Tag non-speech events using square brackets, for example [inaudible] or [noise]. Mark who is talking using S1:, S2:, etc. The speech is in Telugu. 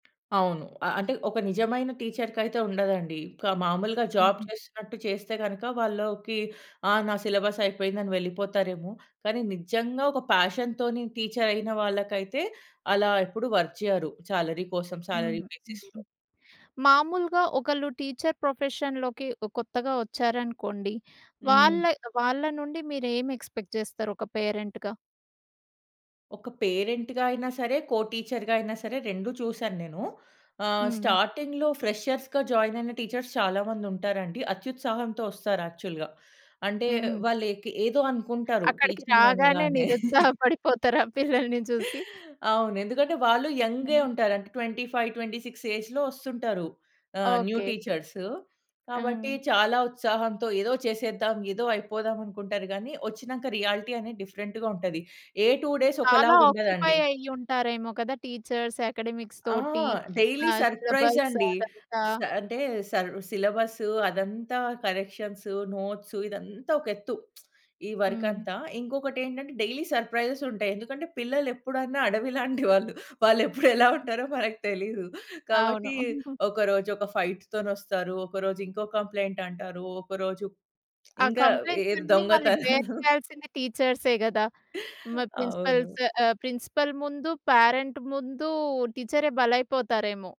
S1: అవును. అ అంటే ఒక నిజమైన టీచర్‌కైతే ఉండదండి. ఒక మాములుగా జాబ్
S2: హుహు.
S1: చేస్తున్నట్టు చేస్తే గనక వాళ్ళకి ఆహ్, నా సిలబసయిపోయిందని వెళ్ళిపోతారేమో కానీ నిజంగా ఒక ఫ్యాషన్‌తోని టీచరయిన వాళ్ళకైతే అలా ఎప్పుడు వర్క్ చేయరు శాలరీ కోసం,
S2: హ్మ్.
S1: శాలరీ
S2: హ్మ్.
S1: బేసిస్‌లో.
S2: మామూలుగా ఒకళ్ళు టీచర్ ప్రొఫెషన్‌లోకి ఒ కొత్తగా వచ్చారనుకోండి
S1: హ్మ్.
S2: వాళ్ళ, వాళ్ళానుండి మీరేమి ఎక్‌స్పెక్ట్ చేస్తారు ఒక పేరెంట్‌గా?
S1: ఒక పేరెంట్‌గా అయినా సరే, కో టీచర్‌గా అయినా సరే 2 చూసాను నేను. ఆహ్,
S2: హ్మ్.
S1: స్టార్టింగ్‌లో ఫ్రెషర్స్‌గా జాయిన్ అయిన టీచర్స్ చాలా మందుంటారండి అత్యుత్సాహంతో ఒస్తారు యాక్చువల్‌గా. అంటే
S2: హ్మ్.
S1: వాళ్ళుకి ఏదో అనుకుంటారు
S2: అక్కడికి
S1: టీచింగ్
S2: రాగానే
S1: అనగానే.
S2: నిరుత్సాహ
S1: [chuckles]
S2: పడిపోతారు ఆ పిల్లల్ని జూసి.
S1: అవును. ఎందుకంటే వాళ్ళు యంగే
S2: హ్మ్.
S1: ఉంటారంటే. 25, 26 ఏజ్‌లో వస్తుంటారు ఆహ్ న్యూ
S2: ఓకే.
S1: టీచర్స్. కాబట్టి
S2: ఆ!
S1: చాలా ఉత్సాహంతో ఏదో చేసేద్దాం ఏదో అయిపోదామనుకుంటారు గాని వొచ్చినంక రియాలిటీ అనేది డిఫరెంట్‌గా ఉంటది. ఏ 2 డేస్
S2: చాలా
S1: ఒకలాగా
S2: ఆక్యుపై
S1: ఉండదండి.
S2: అయ్యి ఉంటారేమో కదా! టీచర్స్ అకాడెమిక్స్
S1: ఆ!
S2: తోటి
S1: డైలీ
S2: ఆహ్,
S1: సర్‌ప్రైజ్
S2: సిలబస్
S1: అండి!
S2: అదంతా.
S1: స అంటే సర్ సిలబసు అదంతా కరెక్షన్సు, నోట్సు ఇదంతా ఒక ఎత్తు. [smacks lips] ఈ
S2: హ్మ్.
S1: వర్కంతా ఇంకొకటేంటంటే డైలీ సర్‌ప్రైజెస్ ఉంటాయి. ఎందుకంటే పిల్లలెప్పుడైనా అడవిలాంటి వాళ్ళు, వాళ్ళు ఎప్పుడేలా
S2: హ్మ్.
S1: ఉంటారో మనకు తెలీదు.
S2: అవును.
S1: కాబట్టి
S2: [giggles]
S1: ఒకరోజు ఒక ఫైట్ తోనొస్తారు, ఒకరోజు ఇంకో కంప్లెయింటంటారు ఒకరోజు
S2: ఆ
S1: ఇంకా ఎద్
S2: కంప్లెయింట్సన్నీ మళ్ళీ బేర్
S1: దొంగతనాలు.
S2: చేయాల్సింది టీచర్సే గదా! మ
S1: అవును.
S2: ప్రిన్సిపల్స్ ఆహ్, ప్రిన్సిపల్ ముందు పరెంట్ ముందు టీచరే బలైపోతారేమో!